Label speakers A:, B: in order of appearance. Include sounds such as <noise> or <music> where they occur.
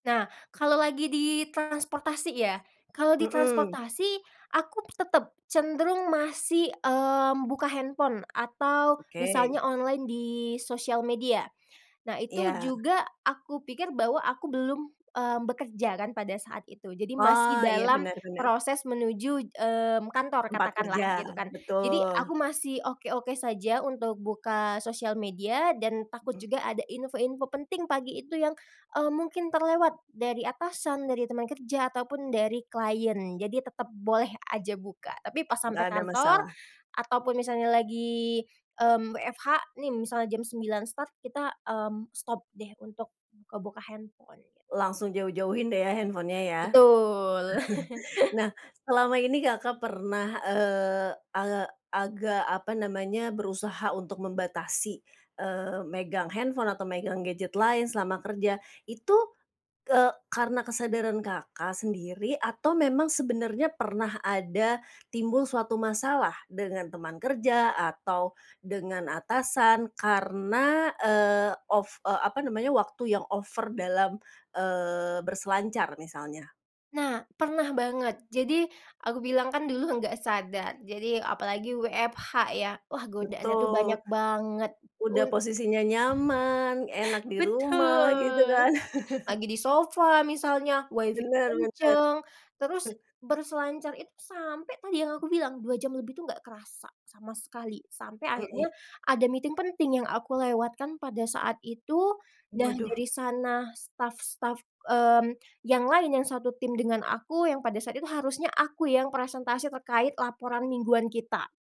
A: Nah kalau lagi di transportasi ya, kalau di
B: Mhm.
A: transportasi aku tetep cenderung masih, eee, membuka handphone atau misalnya
B: Oke.
A: online di sosial media, nah itu
B: Iya.
A: juga aku pikir bahwa aku belum, eee, bekerja kan pada saat itu jadi masih
B: Oh iya
A: dalam
B: benar benar.
A: proses menuju, mmm, kantor
B: Tempat
A: katakanlah gitu
B: kerja,
A: kan. Jadi
B: betul.
A: aku masih oke-oke saja untuk buka sosial media dan takut
B: Mhm.
A: juga ada info-info penting pagi itu yang, eee, mungkin terlewat, dari atasan, dari teman kerja, ataupun dari klien jadi tetep boleh aja buka, tapi pas sampai
B: Gak ada
A: kantor,
B: masalah.
A: ataupun misalnya lagi, mmm, WFH nih misalnya jam 9.00 start, kita, mmm, stop deh untuk, buka-buka handphone gitu.
B: Langsung jauh-jauhin deh ya handphonenya ya?
A: Betul. <chuckles>
B: <chuckles> Nah selama ini Kakak, pernah, eee, agak agak apa namanya berusaha untuk membatasi, eee, megang handphone atau megang gadget lain selama kerja itu, ke karena kesadaran Kakak sendiri atau memang sebenarnya pernah ada timbul suatu masalah dengan teman kerja atau, dengan atasan karena, eee, ov eee, apa namanya waktu yang over dalam, eee, berselancar misalnya.
A: Nah, pernah banget jadi aku bilang kan dulu gak sadar, jadi apalagi WFH ya wah godaannya tuh
B: Betul,
A: banyak banget,
B: udah
A: un
B: posisinya nyaman, enak di rumah, gitu
A: Betul,
B: kan?
A: lagi
B: <chuckles>
A: di sofa misalnya Wi-Fi
B: Bener bener.
A: kenceng terus
B: Huh.
A: berselancar itu sampai tadi yang aku bilang 2 jam lebih tuh nggak kerasa sama sekali, sampai akhirnya
B: Mmm.
A: ada meeting penting yang aku lewatkan pada saat itu, nah
B: Waduh.
A: dari sana staf-staf, mmm, yang lain yang 1 tim dengan aku yang pada saat itu harusnya aku yang presentasi terkait laporan mingguan kita.